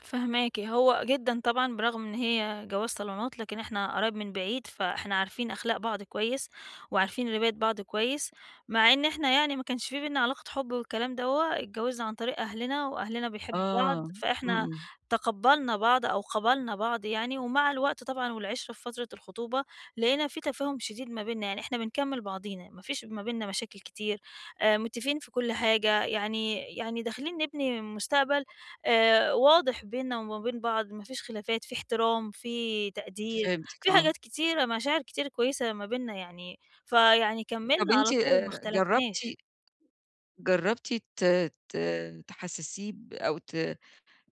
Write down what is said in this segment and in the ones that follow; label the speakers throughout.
Speaker 1: فاهماكِ، هو جدًا طبعًا برغم إن هي جواز صالونات لكن إحنا قرايب من بعيد، فإحنا عارفين أخلاق بعض كويس، وعارفين رباية بعض كويس، مع إن إحنا يعني ما كانش في بيننا علاقة حب والكلام دوّة، اتجوزنا عن طريق أهلنا، وأهلنا بيحبوا
Speaker 2: آه،
Speaker 1: بعض،
Speaker 2: إمم،
Speaker 1: فإحنا
Speaker 2: إمم.
Speaker 1: تقبّلنا بعض أو قبلنا بعض يعني، ومع الوقت طبعًا والعِشرة في فترة الخطوبة لقينا في تفاهم شديد ما بيننا، يعني إحنا بنكمل بعضينا، ما فيش ما بيننا مشاكل كتير آآ، متفقين في كل حاجة يعني يعني داخلين نبني مستقبل، آآ، واضح بيننا وما بين بعض ما فيش خلافات، في احترام، في تقدير،
Speaker 2: فهِمتِك،
Speaker 1: في
Speaker 2: آه.
Speaker 1: حاجات كتيرة، مشاعر كتير كويسة ما بيننا يعني، فيعني
Speaker 2: طب
Speaker 1: كمّلنا
Speaker 2: أنتِ
Speaker 1: على طول ما
Speaker 2: جربتِ
Speaker 1: اختلفناش.
Speaker 2: جربتِ ت ت تحسسيه ب أو ت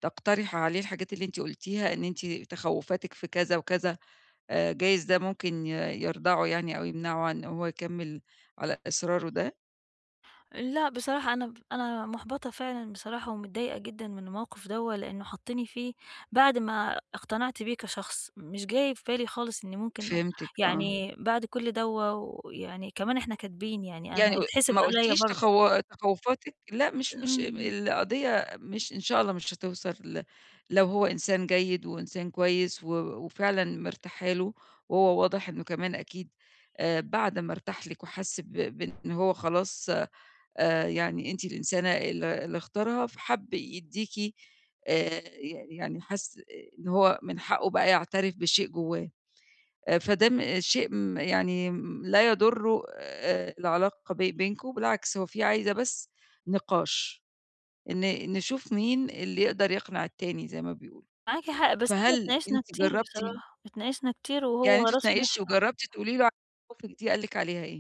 Speaker 2: تقترحي عليه الحاجات اللي أنتِ قولتيها، إن أنتِ تخوّفاتِك في كذا وكذا آآ، جايز ده ممكن ي يردعه يعني أو يِمنعه عن أن هو يكمل على إصراره ده؟
Speaker 1: لأ بصراحة أنا ب أنا مُحبطة فعلًا بصراحة ومتضايقة جدًا من الموقف دوّة، لأنه حطّني فيه بعد ما اقتنعت بيه كشخص، مش جاي في بالي خالص إني ممكن
Speaker 2: فهِمتِك، آه.
Speaker 1: يعني بعد كل دوّة ويعني كمان إحنا كاتبين، يعني ما
Speaker 2: يعني
Speaker 1: هو
Speaker 2: و
Speaker 1: هيتحسب
Speaker 2: ما
Speaker 1: عليَّ
Speaker 2: قولتيش
Speaker 1: برضو.
Speaker 2: تخو تخوّفاتِك؟ لأ، مش مش
Speaker 1: إمم.
Speaker 2: القضية مش إن شاء الله مش هتوصل ل لو هو إنسان جيد، وإنسان كويس و وفعلًا مرتاحة له، وهو واضح إنه كمان أكيد آآ، بعد ما ارتاح لِك وحس ب بإن هو خلاص آآ، يعني أنتِ الإنسانة ال اللي اختارها فحَب يديكِ، آآ، ي يعني حَس إن هو من حَقُّه بقى يعترف بشيء جوّاه. فده م شيء ما يعني لا يضر العلاقة بي بينكم بالعكس هو في عايزة بس نِقاش، ن نشوف مين اللي يقدر يقنع التاني زي ما بيقولوا.
Speaker 1: معاكِ حق، بس إحنا
Speaker 2: فهل
Speaker 1: اتناقشنا
Speaker 2: أنتِ
Speaker 1: كتير
Speaker 2: جربتِ؟
Speaker 1: بصراحة، اتناقشنا كتير
Speaker 2: يعني
Speaker 1: وهو
Speaker 2: أنتِ
Speaker 1: راسه
Speaker 2: اتناقشتِ،
Speaker 1: ناشفة.
Speaker 2: وجربتِ تقولي له علي مخاوفِك دي، قال لِك عليها إيه؟